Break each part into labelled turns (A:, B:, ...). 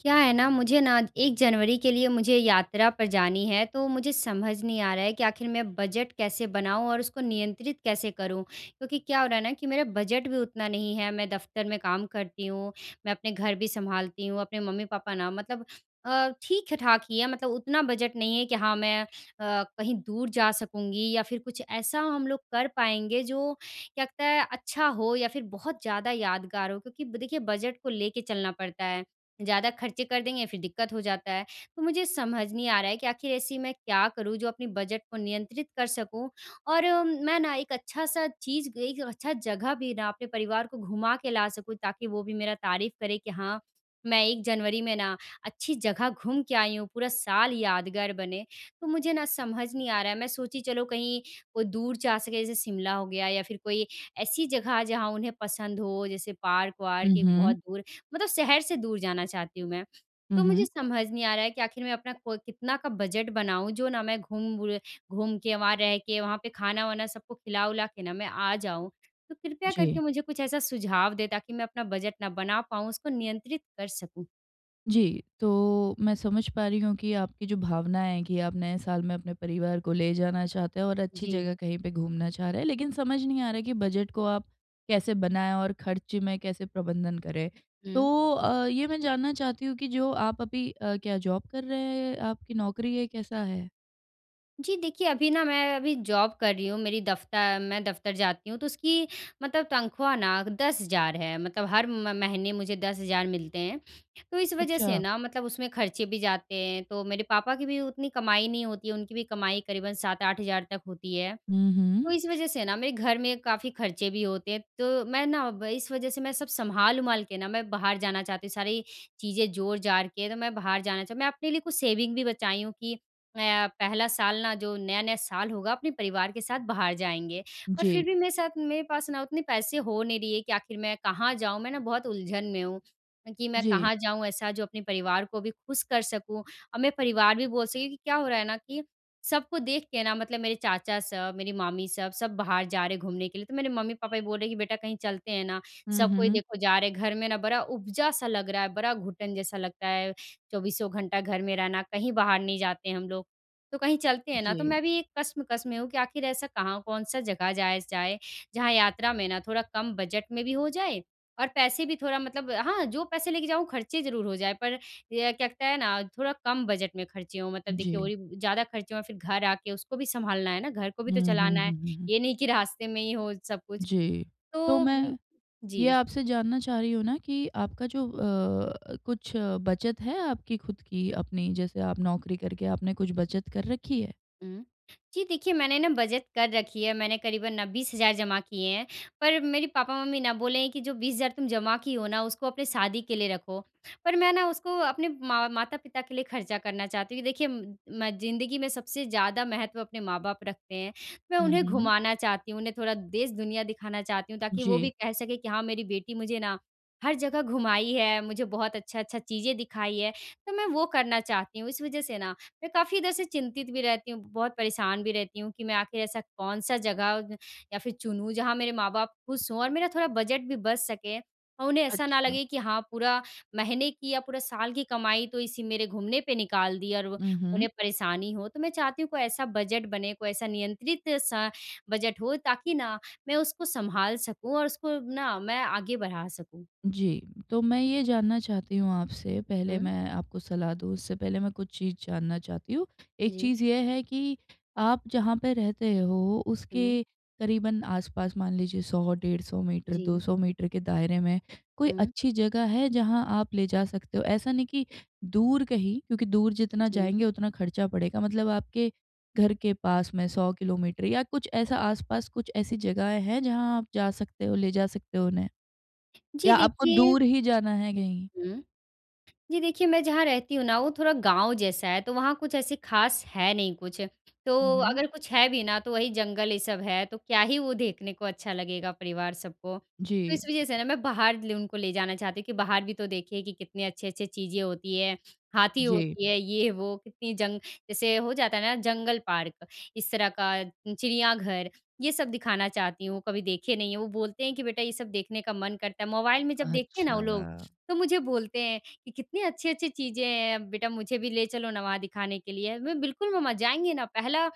A: क्या है ना मुझे ना 1 जनवरी के लिए मुझे यात्रा पर जानी है, तो मुझे समझ नहीं आ रहा है कि आखिर मैं बजट कैसे बनाऊँ और उसको नियंत्रित कैसे करूँ? क्योंकि क्या हो रहा है ना कि मेरा बजट भी उतना नहीं है मैं दफ़्तर में काम करती हूँ, मैं अपने घर भी सँभालती हूँ, अपने मम्मी-पापा ना मतलब अ, ठीक-ठाक ही हैं मतलब उतना बजट नहीं है कि हाँ मैं अ, कहीं दूर जा सकूँगी या फ़िर कुछ ऐसा हम लोग कर पाएँगे जो क्या कहते हैं अच्छा हो या फ़िर बहुत ज़्यादा यादगार हो। क्योंकि ब देखिए, बजट को लेके चलना पड़ता है, ज़्यादा खर्चे कर देंगे फ़िर दिक्कत हो जाता है। तो मुझे समझ नहीं आ रहा है कि आखिर ऐसी मैं क्या करूँ जो अपने बजट को नियंत्रित कर सकूँ और मैं ना एक अच्छा-सा चीज़ एक अच्छा जगह भी ना अपने परिवार को घुमा के ला सकूँ ताकि वो भी मेरा तारीफ़ करें कि हाँ, मैं 1 जनवरी में ना अच्छी जगह घूम के आई हूँ पूरा साल यादगार बने। तो मुझे ना समझ नहीं आ रहा है मैं सोची चलो कहीं अ, कोई दूर जा सकें जैसे शिमला हो गया या फ़िर कोई ऐसी जगह जहाँ उन्हें पसंद हो जैसे पार्क-वार्क, एक
B: उहुँ।
A: बहुत दूर, मतलब शहर से दूर जाना चाहती हूँ मैं। तो मुझे
B: उहुँ।
A: समझ नहीं आ रहा है कि आखिर मैं अपना को कितना का बजट बनाऊँ जो ना मैं घूम बुरे घूम के वहाँ रह के, वहाँ पे खाना-वाना सबको खिला-विला के ना मैं आ जाऊँ। तो कृपया करके
B: जी।
A: मुझे कुछ ऐसा सुझाव दें, ताकि मैं अपना बजट न बना पाऊँ उसको नियंत्रित कर सकूँ।
B: जी, तो मैं समझ पा रही हूँ कि आपकी जो भावना है कि आप नए साल में अपने परिवार को ले जाना चाहते हैं और अच्छी
A: जी।
B: जगह कहीं पे घूमना चाह रहे हैं लेकिन समझ नहीं आ रहा कि बजट को आप कैसे बनाए और खर्च में कैसे प्रबंधन करें।
A: हुँ।
B: तो अ, ये मैं जानना चाहती हूँ कि जो आप अभी अ, क्या जॉब कर रहे हैं आप कि नौकरी है, कैसा है?
A: जी, देखिए अभी ना मैं अभी जॉब कर रही हूँ मेरी दफ्तर मैं दफ्तर जाती हूँ तो उसकी मतलब तनख़्वाह ना 10,000 है मतलब हर म महीने मुझे 10,000 मिलते हैं। तो इस वजह से
B: अच्छा।
A: ना मतलब उसमें खर्चे भी जाते हैं तो मेरे पापा की भी उतनी कमाई नहीं होती है, उनकी भी कमाई करीबन 7-8000 तक होती है,
B: हुँ,
A: तो
B: हुँ।
A: इस वजह से ना मेरे घर में काफ़ी खर्चे भी होते हैं। तो मैं ना व इस वजह से मैं सब सँभाल-वँभाल के ना मैं बाहर जाना चाहती हूँ, सारी चीज़ें जोड़-जाड़ के ना मैं बाहर जाना च मैं अपने लिए कुछ सेविंग भी बचाई हूँ कि अ, पहला साल ना जो नया-नया साल होगा अपने परिवार के साथ बाहर जाएँगे। पर फिर
B: जी।
A: भी मेरे साथ मेरे पास ना उतने पैसे हो नहीं रही है कि आखिर मैं कहाँ जाऊँ। मैं ना बहुत उलझन में हूँ, कि मैं
B: जी।
A: कहाँ जाऊँ ऐसा जो अपने परिवार को भी खुश कर सकूँ और मेरा परिवार भी बोल सके कि क्या हो रहा है ना कि सबको देख के ना मतलब मेरे चाचा सब मेरी मामी सब, सब बाहर जा रहे हैं घूमने के लिए तो मेरे मम्मी-पापा भी बोल रहे हैं कि, "बेटा कहीं चलते हैं ना?
B: हुँ,
A: सब कोई
B: हुँ।
A: देखो जा रहे। घर में ना बड़ा उबजा-सा लग रहा है, बड़ा घुटन जैसा लगता है चौबीसों घंटा घर में रहना, कहीं बाहर नहीं जाते हम लोग। तो कहीं चलते हैं ना।" तो
B: जी।
A: मैं भी एक कश्मकश में हूँ कि आखिर ऐसा कहाँ कौन-सा जगह जाया स जाए, जहाँ यात्रा में ना थोड़ा कम बजट में भी हो जाए और पैसे भी थोड़ा मतलब हाँ, जो पैसे लेके जाऊँ खर्चे ज़रूर हो जाएँ पर ये कहते हैं ना, थोड़ा कम बजट में खर्चे हों मतलब देखिए और
B: जी।
A: ही ज़्यादा खर्चे हों फिर घर आके उसको भी सँभालना है ना? घर को भी
B: हुँ,
A: तो
B: हुँ,
A: चलाना है।
B: हुँ, हुँ, हुँ।
A: ये नहीं कि रास्ते में ही हो सब कुछ।
B: जी। तो
A: तो म
B: मैं, ये
A: जी।
B: आपसे जानना चाह रही हूँ ना कि आपका जो अ, कुछ बचत है आपकी खुद की अपनी, जैसे आप नौकरी करके आपने कुछ बचत कर रखी है?
A: हुँ। जी, देखिए, मैंने ना बचत कर रखी है, मैंने करीबन 20,000 जमा किए हैं। पर मेरे पापा-मम्मी ना बोलें कि, "जो 20,000 तुम जमा की हो ना, उसको अपनी शादी के लिए रखो।" पर मैं ना, उसको अपने माँ माता-पिता के लिए खर्चा करना चाहती हूँ क्योंकि देखिए, म ज़िंदगी में सबसे ज़्यादा महत्व अपने माँ-बाप रखते हैं। मैं
B: हुँ,
A: उन्हें
B: हुँ।
A: घुमाना चाहती हूँ, उन्हें थोड़ा देश-दुनिया दिखाना चाहती हूँ, ताकि वो
B: जी।
A: भी कह सके कि, "हाँ, मेरी बेटी मुझे ना, हर जगह घुमाई है, मुझे बहुत अच्छा-अच्छा चीज़ें दिखाई है।" तो मैं वो करना चाहती हूँ। इस वजह से ना, मैं काफ़ी इधर से चिंतित भी रहती हूँ, बहुत परेशान भी रहती हूँ कि मैं आखिर ऐसा कौन-सा जगह या फिर चुनूँ, जहाँ मेरे माँ-बाप खुश हों और मेरा थोड़ा बजट भी बच सके और उन्हें ऐसा ना
B: अच्छा।
A: लगे कि, "हाँ, पूरा महीने की या पूरा साल की कमाई तो इसी मेरे घूमने पे निकाल दी।" और व
B: उहूँ।
A: उन्हें परेशानी हो, तो मैं चाहती हूँ, कोई ऐसा बजट बने, कोई ऐसा नियंत्रित-सा बजट हो, ताकि ना, मैं उसको संभाल सकूँ और उसको ना, मैं आगे बढ़ा सकूँ।
B: जी, तो मैं ये जानना चाहती हूँ आपसे, पहले
A: हुँ।
B: मैं आपको सलाह दूँ, उससे पहले मैं कुछ चीज़ जानना चाहती हूँ। एक
A: जी।
B: चीज़ ये है कि आप जहाँ पे रहते हो,
A: हुँ।
B: उसके करीबन आस-पास मान लीजिए, 100-150 मीटर, दो
A: जी।
B: सौ मीटर के दायरे में कोई
A: हुँ।
B: अच्छी जगह है, जहाँ आप ले जा सकते हो? ऐसा नहीं कि दूर कहीं, क्योंकि दूर जितना
A: जी।
B: जाएँगे, उतना खर्चा बढ़ेगा। मतलब आपके घर के पास में 100 किलोमीटर या कुछ ऐसा आस-पास कुछ ऐसी जगहें हैं, जहाँ आप जा सकते हो, ले जा सकते हो उन्हें?
A: जी,
B: या आपको
A: देखिए
B: दूर ही जाना है कहीं?
A: हुँ। जी, देखिए, मैं जहाँ रहती हूँ ना, वो थोड़ा गाँव जैसा है, तो वहाँ कुछ ऐसे खास है नहीं कुछ। तो
B: उहूँ।
A: अगर कुछ है भी ना, तो वही जंगल, ये सब है, तो क्या ही वो देखने को अच्छा लगेगा परिवार सब को। तो
B: जी।
A: इस वजह से ना, मैं बाहर लु उनको ले जाना चाहती हूँ कि बाहर भी तो देखिए कि कितनी अच्छी-अच्छी चीज़ें होती हैं, हाथी
B: जी।
A: होती है, ये-वो, कितनी जंग जैसे हो जाता है ना, जंगल पार्क, इस तरह का, चिड़ियाघर, ये सब दिखाना चाहती हूँ, कभी देखें नहीं हैं। वो बोलते हैं कि, "बेटा, ये सब देखने का मन करता है।" मोबाइल में जब देखते हैं ना वो लोग,
B: अच्छा।
A: तो मुझे बोलते हैं कि, "कितनी अच्छी-अच्छी चीज़ें हैं। बेटा, मुझे भी ले चलो न वहाँ दिखाने के लिए।" मैं, "बिल्कुल मम्मा, जाएँगे ना। पहला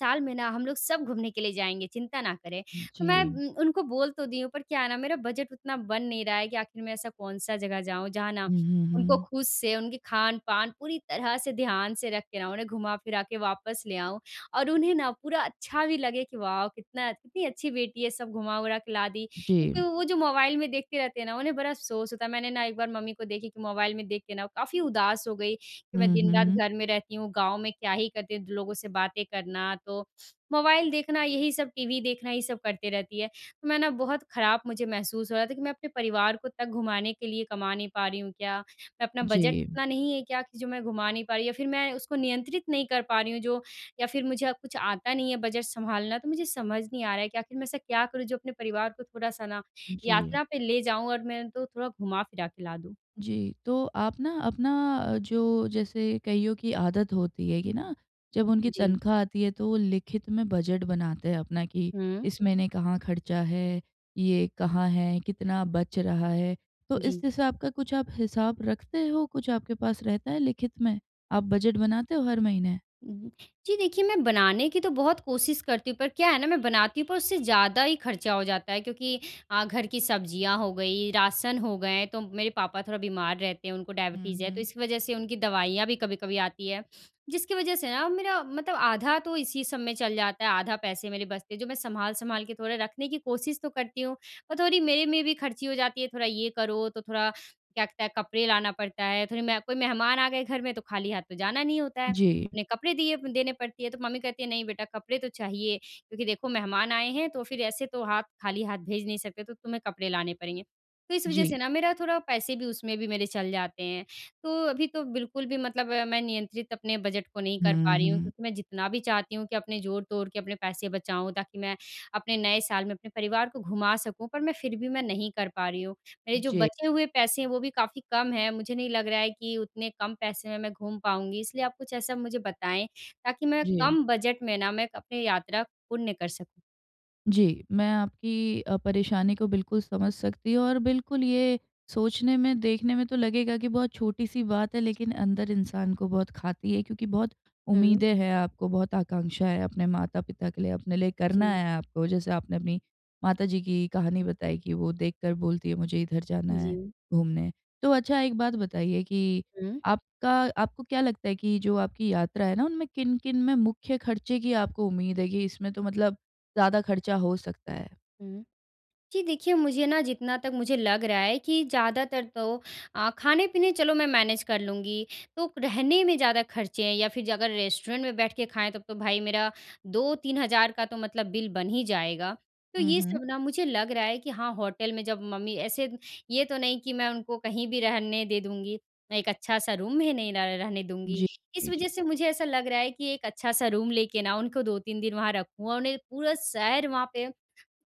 A: साल में ना, हम लोग सब घूमने के लिए जाएँगे, चिंता ना करें।" तो मैं
B: जी।
A: उम, उनको बोल तो दी हूँ, पर क्या है ना, मेरा बजट उतना बन नहीं रहा है कि आखिर में ऐसा कौन-सा जगह जाऊँ, जहाँ ना,
B: हुँ, हुँ,
A: उनको
B: हुँ।
A: खुद से उनके खान-पान पूरी तरह से ध्यान से रख के ना, उन्हें घुमा फिरा के वापस ले आऊँ और उन्हें ना पूरा अच्छा भी लगे कि, "वाउ! कितना कितनी अच्छी बेटी है, सब घुमा-वरा के ला दी।"
B: जी।
A: क्योंकि वो जो मोबाइल में देखते रहते हैं ना, उन्हें बड़ा अफ़सोस होता है। मैंने ना एक बार मम्मी को देखी कि मोबाइल में देख के ना काफ़ी उदास हो गई कि, "मैं
B: हुँ,
A: दिन-रात
B: हुँ।
A: घर में रहती हूँ, गाँव में क्या ही करती हूँ?" द लोगों से बातें करना, तो मोबाइल देखना, यही सब, टीवी देखना, ये सब करती रहती है। तो मैं ना, बहुत खराब मुझे महसूस हो रहा था कि, "मैं अपने परिवार को तक घुमाने के लिए कमा नहीं पा रही हूँ क्या? मैं अपना बजट
B: जी।
A: इतना नहीं है क्या कि जो मैं घुमा नहीं पा रही या फिर मैं उसको नियंत्रित नहीं कर पा रही हूँ, जो या फिर मुझे कुछ आता नहीं है बजट संभालना?" तो मुझे समझ नहीं आ रहा है कि आखिर मैं ऐसा क्या करूँ जो अपने परिवार को थोड़ा-सा ना,
B: जी।
A: यात्रा पे ले जाऊँ और मैं उनको थोड़ा घुमा-फिरा के ला दूँ?
B: जी, तो आप ना अपना, जो जैसे कइयों की आदत होती है कि ना, जब उनकी
A: जी।
B: तनख्वाह आती है, तो वो लिखित में बजट बनाते हैं अपना कि
A: हुँ।
B: इस महीने कहाँ खर्चा है? ये कहाँ है? कितना बच रहा है? तो इस
A: जी।
B: हिसाब का कुछ आप हिसाब रखते हो? कुछ आपके पास रहता है लिखित में? आप बजट बनाते हो हर महीने?
A: उहुँ। जी देखिए, मैं बनाने की तो बहुत कोशिश करती हूँ, पर क्या है ना, मैं बनाती हूँ, पर उससे ज़्यादा ही खर्चा हो जाता है क्योंकि अ, घर की सब्ज़ियाँ हो गईं, राशन हो गए, तो मेरे पापा थोड़ा बीमार रहते हैं, उनको
B: हुँ,
A: डायबिटीज़ है, तो
B: हुँ।
A: इसकी वजह से उनकी दवाइयाँ भी कभी-कभी आती हैं, जिसकी वजह से ना मेरा मतलब आधा तो इसी सब में चल जाता है, आधा पैसे मेरे बचते हैं, जो मैं संभाल-संभाल के थोड़ा रखने की कोशिश तो करती हूँ और थोड़ी मेरे में भी खर्ची हो जाती है। थोड़ा ये करो, तो थोड़ा क्या-कहते हैं, कपड़े लाना पड़ता है, थोड़ी मैं कोई मेहमान आ गए घर में, तो खाली हाथ तो जाना नहीं होता है,
B: जी।
A: उन्हें कपड़े दिए व देने पड़ती है, तो मम्मी कहती है, "नहीं बेटा, कपड़े तो चाहिए क्योंकि देखो, मेहमान आए हैं, तो फिर ऐसे तो हाथ खाली हाथ भेज नहीं सकते, तो तुम्हें कपड़े लाने पड़ेंगे।" तो इस वजह
B: जी।
A: से ना, मेरा थोड़ा पैसे भी उसमें भी मेरे चल जाते हैं। तो अभी तो बिल्कुल भी मतलब मैं नियंत्रित अपने बजट को नहीं कर
B: हुँ,
A: पा रही हूँ
B: हुँ।
A: क्योंकि मैं जितना भी चाहती हूँ कि अपने जोड़-तोड़ के अपने पैसे बचाऊँ, ताकि मैं अपने नए साल में अपने परिवार को घुमा सकूँ, पर मैं फिर भी मैं नहीं कर पा रही हूँ। मेरे जो
B: जी।
A: बचे हुए पैसे हैं, वो भी काफ़ी कम हैं। मुझे नहीं लग रहा है कि उतने कम पैसे में मैं घूम पाऊँगी इसलिए आप कुछ ऐसा मुझे बताएँ, ताकि मैं
B: जी।
A: कम बजट में ना, मैं एक अपने यात्रा पूर्ण कर सकूँ।
B: जी, मैं आपकी अ, परेशानी को बिल्कुल समझ सकती हूँ और बिल्कुल ये सोचने में देखने में तो लगेगा कि बहुत छोटी-सी बात है लेकिन अंदर इंसान को बहुत खाती है क्योंकि बहुत
A: हुँ।
B: उम्मीदें हैं आपको बहुत आकांक्षा है अपने माता-पिता के लिए, अपने लिए करना
A: जी।
B: है आपको। जैसे आपने माता जी की कहानी बताई कि वो देखकर बोलती हैं मुझे इधर जाना है
A: जी।
B: घूमने। तो अच्छा एक बात बताइए कि
A: हुँ।
B: आपका आपको क्या लगता है कि जो आपकी यात्रा है ना उनमें किन-किन में मुख्य ख़र्चे की आपको उम्मीद है कि इसमें तो मतलब ज़्यादा ख़र्चा हो सकता है?
A: हुँ, जी देखिए मुझे ना जितना तक मुझे लग रहा है कि ज़्यादातर तो अ, खाने-पीने चलो मैं मैनेज़ कर लूँगी तो रहने में ज़्यादा ख़र्चे हैं या फ़िर ज अगर रेस्टोरेंट में बैठ के खाएँ तब तो भाई मेरा 2-3 हज़ार का तो मतलब बिल बन ही जाएगा। तो
B: हुँ,
A: ये
B: हुँ।
A: सब ना, मुझे लग रहा है कि हाँ होटल में जब मम्मी ऐसे ये तो नहीं कि मैं उनको कहीं भी रहने दे दूँगी मैं एक अच्छा-सा रूम भी नहीं र रहने दूँगी।
B: जी,
A: इस
B: जी।
A: वजह से मुझे ऐसा लग रहा है कि एक अच्छा-सा रूम लेके ना उनको 2-3 दिन वहाँ रखूँ और उन्हें पूरा शहर वहाँ पे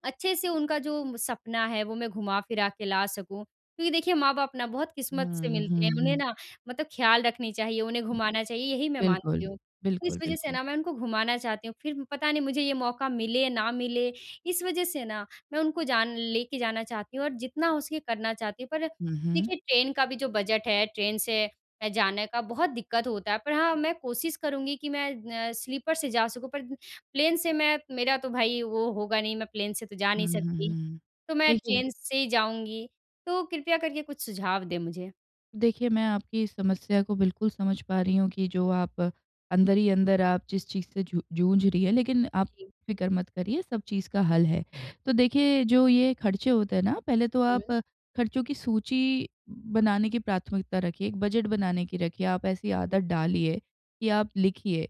A: अच्छे से उनका जो सपना है वो मैं घुमा-फिरा के ला सकूँ। क्योंकि देखिए, माँ-बाप ना बहुत किस्मत से
B: हुँ,
A: मिलते
B: हुँ,
A: हैं। उन्हें
B: हुँ।
A: ना मतलब ख्याल रखनी चाहिए उन्हें घुमाना चाहिए यही मैं
B: बिल्कुल।
A: मानती हूँ। तो इस
B: बिल्कुल,
A: वजह से
B: बिल्कुल।
A: ना मैं उनको घुमाना चाहती हूँ फ़िर पता नहीं मुझे ये मौका मिले या ना मिले। इस वजह से ना मैं उनको जान लेके जाना चाहती हूँ और जितना हो सके करना चाहती हूँ। पर
B: हुँ, हुँ।
A: देखिए ट्रेन का भी जो बजट है ट्रेन से अ, जाने का बहुत दिक़्क़त होता है पर हाँ मैं कोशिश करूँगी कि मैं अ, स्लीपर से जा सकूँ पर प्लेन से मैं मेरा तो भाई वो होगा नहीं मैं प्लेन से तो जा
B: हुँ,
A: नहीं
B: हुँ,
A: सकती।
B: हुँ।
A: तो मैं
B: सही है।
A: ट्रेन से ही जाऊँगी, तो कृपया करके कुछ सुझाव दें मुझे।
B: देखिए, मैं आपकी इस समस्या को बिल्कुल समझ पा रही हूँ कि जो आप अंदर ही अंदर आप जिस चीज़ से जू जूझ रही हैं, लेकिन आप
A: जी।
B: फ़िक्र मत करिए सब चीज़ का हल है। तो देखिए जो ये खर्चे होते हैं ना, पहले तो आप
A: हुँ।
B: खर्चों की सूची बनाने की प्राथमिकता रखिए, एक बजट बनाने की रखिए, आप ऐसी आदत डालिए कि आप लिखिए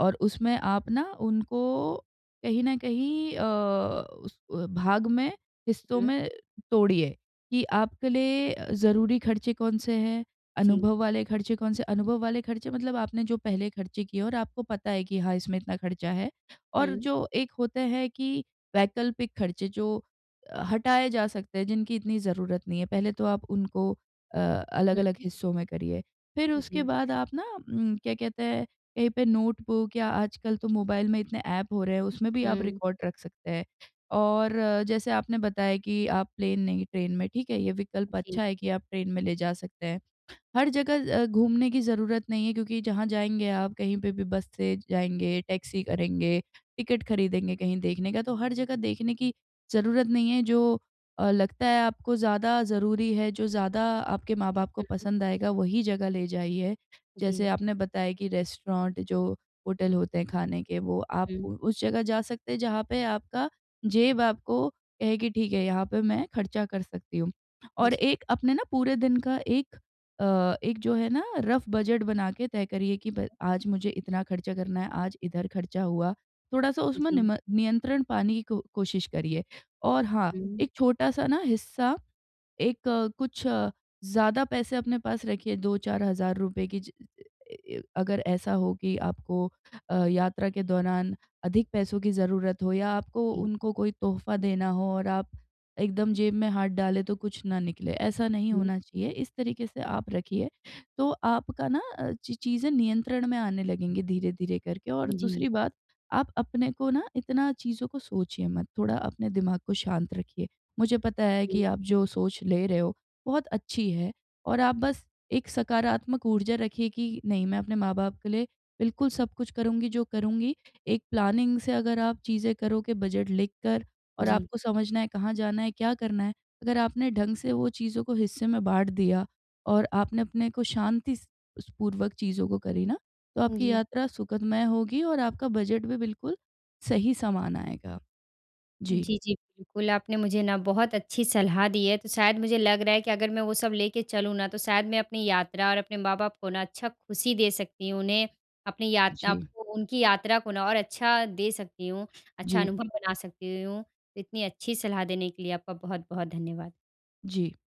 B: और उसमें आप ना उनको कहीं न कहीं अ, उस भाग में, हिस्सों
A: हुँ।
B: में तोड़िए। कि आपके लिए ज़रूरी खर्चे कौन से हैं,
A: जी।
B: अनुभव वाले खर्चे कौन से हैं? अनुभव वाले खर्चे मतलब आपने जो पहले खर्चे किए हैं और आपको पता है कि हाँ, इसमें इतना खर्चा है। और
A: हुँ।
B: जो एक होते है कि वैकल्पिक खर्चे जो हटाए जा सकते हैं जिनकी इतनी ज़रूरत नहीं है, पहले तो आप उनको अ, अलग-अलग
A: हुँ।
B: हिस्सों में करिए। फिर उसके
A: जी।
B: बाद आप ना उम, क्या कहते हैं? कहीं पे नोटबुक या आजकल तो मोबाइल में इतने ऐप हो रहे हैं, उसमें भी आप
A: हुँ।
B: रिकॉर्ड रख सकते हैं। और जैसे आपने बताया कि आप प्लेन नहीं, ट्रेन में ठीक है? ये विकल्प
A: जी।
B: अच्छा है कि आप ट्रेन में ले जा सकते हैं। हर जगह अ, घूमने की ज़रूरत नहीं है क्योंकि जहाँ जाएँगे आप कहीं पे भी बस से जाएँगे, टैक्सी करेंगे, टिकट खरीदेंगे कहीं देखने का तो हर जगह देखने की ज़रूरत नहीं है जो अ, लगता है आपको ज़्यादा ज़रूरी है, जो ज़्यादा आपके माँ-बाप को
A: हुँ।
B: पसंद आएगा वही जगह ले जाइए। जैसे
A: जी।
B: आपने बताया कि रेस्टोरेंट जो होटल होते हैं खाने के वो आप
A: हुँ।
B: उ उस जगह जा सकते हैं जहाँ पे आपका जेब आपको कहे कि ठीक है, यहाँ पे मैं खर्चा कर सकती हूँ। और
A: जी।
B: एक अपने ना पूरे दिन का एक अ, एक जो है ना रफ बजट बना के तय करिए कि ब आज मुझे इतना खर्चा करना है, आज इधर खर्चा हुआ। थोड़ा-सा उसमें नी
A: जी।
B: म नियंत्रण पाने की को कोशिश करिए। और हाँ,
A: हुँ।
B: एक छोटा-सा ना हिस्सा एक कुछ ज़्यादा पैसे अपने पास रखिए 2-4 हज़ार रुपये की ज अ अ, य अगर ऐसा हो कि आपको अ, यात्रा के दौरान अधिक पैसों की ज़रूरत हो या आपको
A: जी।
B: उनको कोई तोहफ़ा देना हो और आप एकदम जेब में हाथ डाले तो कुछ ना निकले। ऐसा नहीं
A: हुँ।
B: होना चाहिए, इस तरीके से आप रखिए। तो आपका ना अ, ची चीजें नियंत्रण में आने लगेंगी धीरे-धीरे करके और दूसरी
A: जी।
B: बात आप अपने को ना इतना चीज़ों को सोचिए मत। थोड़ा अपने दिमाग को शांत रखिए, मुझे पता है कि
A: जी।
B: आप जो सोच ले रहे हो, बहुत अच्छी है और आप बस एक सकारात्मक ऊर्जा रखिए कि नहीं मैं अपने माँ-बाप के लिए बिल्कुल सब कुछ करूँगी जो करूँगी। एक प्लानिंग से अगर आप चीज़ें करोगे बजट लिखकर और
A: जी।
B: आपको समझना है कहाँ जाना है? क्या करना है। अगर आपने ढंग से वो चीज़ों को हिस्से में बाँट दिया और आपने अपने को शांति स स, पूर्वक चीज़ों को करी ना तो
A: अ,
B: आपकी
A: जी।
B: यात्रा सुखदमय होगी और आपका बजट भी बिल्कुल सही सामान आएगा। जी।
A: जी, जी, बिल्कुल। आपने मुझे ना बहुत अच्छी सलाह दी है। तो शायद मुझे लग रहा है कि अगर मैं वो सब लेके चलूँ ना तो शायद मैं अपनी यात्रा और अपने माँ-बाप को ना अच्छा खुशी दे सकती हूँ उन्हें अपनी यात्रा
B: जी।
A: आपको उनकी यात्रा को ना और अच्छा दे सकती हूँ, अच्छा
B: जी।
A: अनुभव बना सकती हूँ। इतनी अच्छी सलाह देने के लिए आपका बहुत-बहुत धन्यवाद।
B: जी।